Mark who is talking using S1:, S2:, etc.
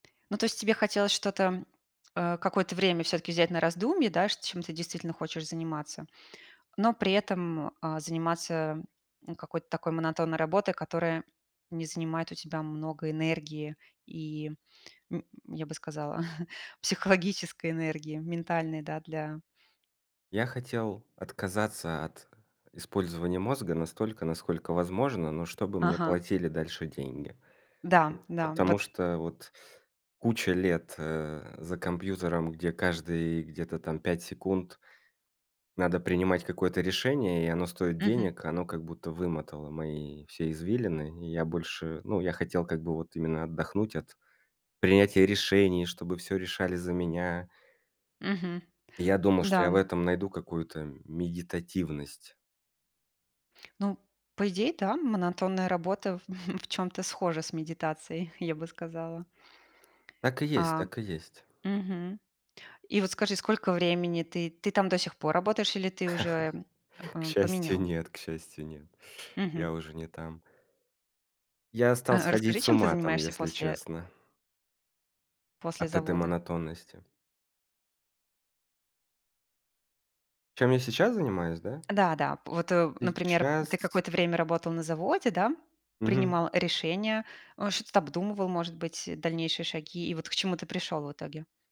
S1: Ну то есть тебе хотелось что-то, а, какое-то время всё-таки взять на раздумье, да, ш чем ты действительно хочешь заниматься, но при этом, а, заниматься, м, какой-то такой монотонной работой, которая не занимает у тебя много энергии и, м, я бы сказала, психологической энергии, ментальной, да, для
S2: Я хотел отказаться от использования мозга настолько, насколько возможно, но чтобы мне
S1: Ага.
S2: платили дальше деньги.
S1: Да да,
S2: Потому
S1: вот
S2: что вот куча лет, э, за компьютером, где каждые где-то там 5 секунд надо принимать какое-то решение, и оно стоит
S1: Мгм.
S2: денег, оно как будто вымотало мои все извилины и я больше Ну я хотел как бы вот именно отдохнуть от принятия решений, чтобы всё решали за меня.
S1: Мгм,
S2: Я думал, что
S1: да,
S2: я в
S1: м.
S2: этом найду какую-то медитативность.
S1: Ну, по идее, да, монотонная работа в чём-то схожа с медитацией, я бы сказала.
S2: Так и есть
S1: А.
S2: так и есть.
S1: Мгм. И вот скажи, сколько времени ты ты там до сих пор работаешь или ты уже,
S2: К
S1: эм,
S2: счастью,
S1: поменял?
S2: нет к счастью, нет. Я
S1: Мгм.
S2: уже не там. Я стал
S1: А расскажи,
S2: сходить с
S1: чем ты
S2: ума там,
S1: занимаешься
S2: если
S1: после
S2: честно.
S1: после
S2: От этой
S1: завода?
S2: монотонности. Чем я сейчас занимаюсь, да?
S1: Да да, вот, э, например, ты
S2: Сейчас
S1: какое-то время работал на заводе, да,
S2: Мгм.
S1: принимал решения, о, что-то обдумывал, может быть, дальнейшие шаги, и вот к чему ты пришёл в итоге?